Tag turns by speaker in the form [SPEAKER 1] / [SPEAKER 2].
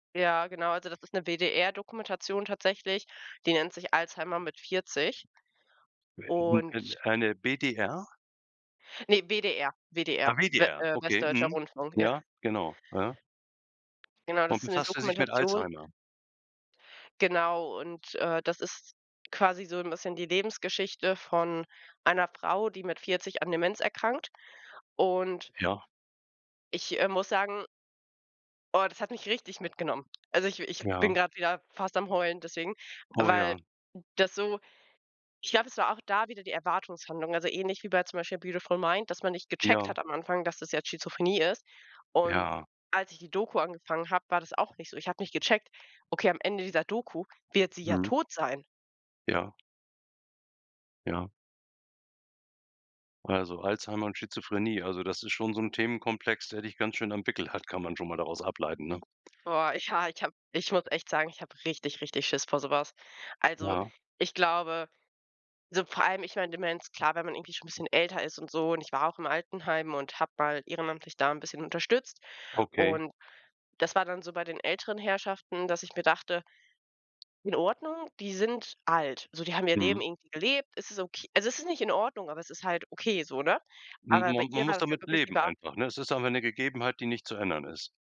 [SPEAKER 1] Ja, genau, also das ist 'ne WDR-Dokumentation tatsächlich, die nennt sich Alzheimer mit 40.
[SPEAKER 2] [unintelligible]
[SPEAKER 1] Und
[SPEAKER 2] Eine BDR?
[SPEAKER 1] Ne, WDR
[SPEAKER 2] Ah,
[SPEAKER 1] WDR, W
[SPEAKER 2] WDR,
[SPEAKER 1] Äh,
[SPEAKER 2] okay.
[SPEAKER 1] Westdeutscher
[SPEAKER 2] Mhm,
[SPEAKER 1] Rundfunk, ja.
[SPEAKER 2] ja, genau, ja.
[SPEAKER 1] Genau, das
[SPEAKER 2] Und
[SPEAKER 1] ist 'ne
[SPEAKER 2] befasst er sich mit
[SPEAKER 1] Dokumentation
[SPEAKER 2] Alzheimer?
[SPEAKER 1] Genau, und, äh, das ist quasi so 'n bisschen die Lebensgeschichte von einer Frau, die mit 40 an Demenz erkrankt. Und
[SPEAKER 2] Ja.
[SPEAKER 1] ich, äh, muss sagen oh, das hat mich richtig mitgenommen. Also, ich w ich
[SPEAKER 2] Ja.
[SPEAKER 1] bin gerade wieder fast am Heulen deswegen,
[SPEAKER 2] Oh,
[SPEAKER 1] weil
[SPEAKER 2] ja.
[SPEAKER 1] das so Ich glaube, es war auch da wieder die Erwartungshaltung, also ähnlich wie bei zum Beispiel „Beautiful Mind“, dass man nicht gecheckt
[SPEAKER 2] Ja.
[SPEAKER 1] hat am Anfang, dass das jetzt Schizophrenie ist. Und
[SPEAKER 2] Ja.
[SPEAKER 1] als ich die Doku angefangen habe, war das auch nicht so. Ich habe nicht gecheckt: „Okay, am Ende dieser Doku wird sie ja
[SPEAKER 2] Mhm.
[SPEAKER 1] tot sein.“
[SPEAKER 2] Ja. Ja. Also, Alzheimer und Schizophrenie also, das ist schon so 'n Themenkomplex, der dich ganz schön am Wickel hat, kann man schon mal daraus ableiten, ne?
[SPEAKER 1] Boah, ich ha ich habe ich muss echt sagen, ich habe richtig, richtig Schiss vor so was. Also,
[SPEAKER 2] Ja.
[SPEAKER 1] ich glaube, so vor allem, ich meine Demenz, klar, wenn man irgendwie schon 'n bisschen älter ist und so und ich war auch im Altenheim und habe mal ehrenamtlich da 'n bisschen unterstützt.
[SPEAKER 2] Okay.
[SPEAKER 1] Und das war dann so bei den älteren Herrschaften, dass ich mir dachte „In Ordnung, die sind alt. So, die haben ihr Leben
[SPEAKER 2] Mhm.
[SPEAKER 1] irgendwie gelebt, es ist ok“ also, es ist nicht in Ordnung, aber es ist halt okay so, ne?
[SPEAKER 2] M
[SPEAKER 1] Aber bei
[SPEAKER 2] und man
[SPEAKER 1] ihr war
[SPEAKER 2] muss
[SPEAKER 1] das ja
[SPEAKER 2] damit
[SPEAKER 1] wirklich, die
[SPEAKER 2] leben
[SPEAKER 1] war
[SPEAKER 2] einfach, ne? Es ist einfach 'ne Gegebenheit, die nicht zu ändern ist.